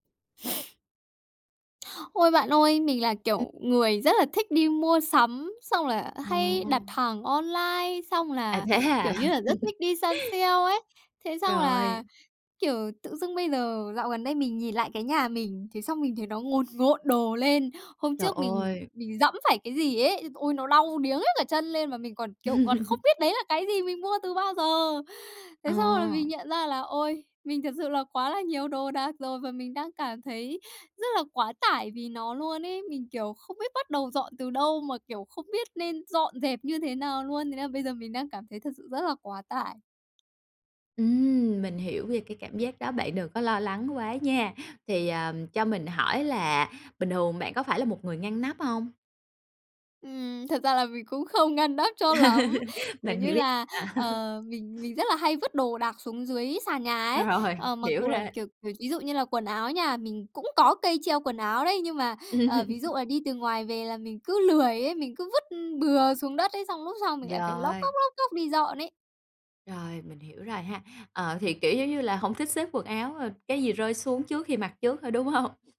Ôi! Bạn ơi, mình là Ừm. kiểu người rất là thích đi mua sắm, xong là hay Ồ. đặt hàng online, xong À, là, thế hả? kiểu như là, rất thích đi săn sale ấy. Thế xong Rồi. là, kiểu, tự dưng bây giờ dạo gần đây mình nhìn lại cái nhà mình, thế xong mình thấy nó ngồn ngộn đồ lên. Hôm Trời trước mình ơi! mình giẫm phải cái gì ấy. Ôi! Nó đau điếng hết cả chân lên, mà mình còn, kiểu, còn không biết đấy là cái gì, mình mua từ bao giờ! Ờ. Thế xong là mình nhận ra là, ôi, mình thật sự là quá là nhiều đồ đạc rồi, và mình đang cảm thấy rất là quá tải vì nó luôn ấy. Mình, kiểu, không biết bắt đầu dọn từ đâu, mà, kiểu, không biết nên dọn dẹp như thế nào luôn. Thế là bây giờ mình đang cảm thấy thật sự rất là quá tải. Ừm, mình hiểu về cái cảm giác đó, bạn đừng có lo lắng quá nha! Thì, ờ, cho mình hỏi là bình thường bạn có phải là một người ngăn nắp hông? Ừm, thật ra là mình cũng không ngăn nắp cho lắm, kiểu Mình như hiểu ý là, bạn. ờ, mình mình rất là hay vứt đồ đạc xuống dưới sàn nhà ấy. Rồi, Ờ, mặc hiểu dù là, rồi. kiểu kiểu, ví dụ như là quần áo nhà mình, cũng có cây treo quần áo đấy, nhưng mà, ờ, Ừm. ví dụ là đi từ ngoài về là mình cứ lười ấy. Mình cứ vứt bừa xuống đất ấy, xong lúc sau mình lại phải lóc Rồi. cóc, lóc cóc đi dọn ấy. Rồi, mình hiểu rồi ha. Ờ, thì kiểu giống như là hổng thích xếp quần áo, ờ, cái gì rơi xuống trước khi mặc trước thôi, đúng hông?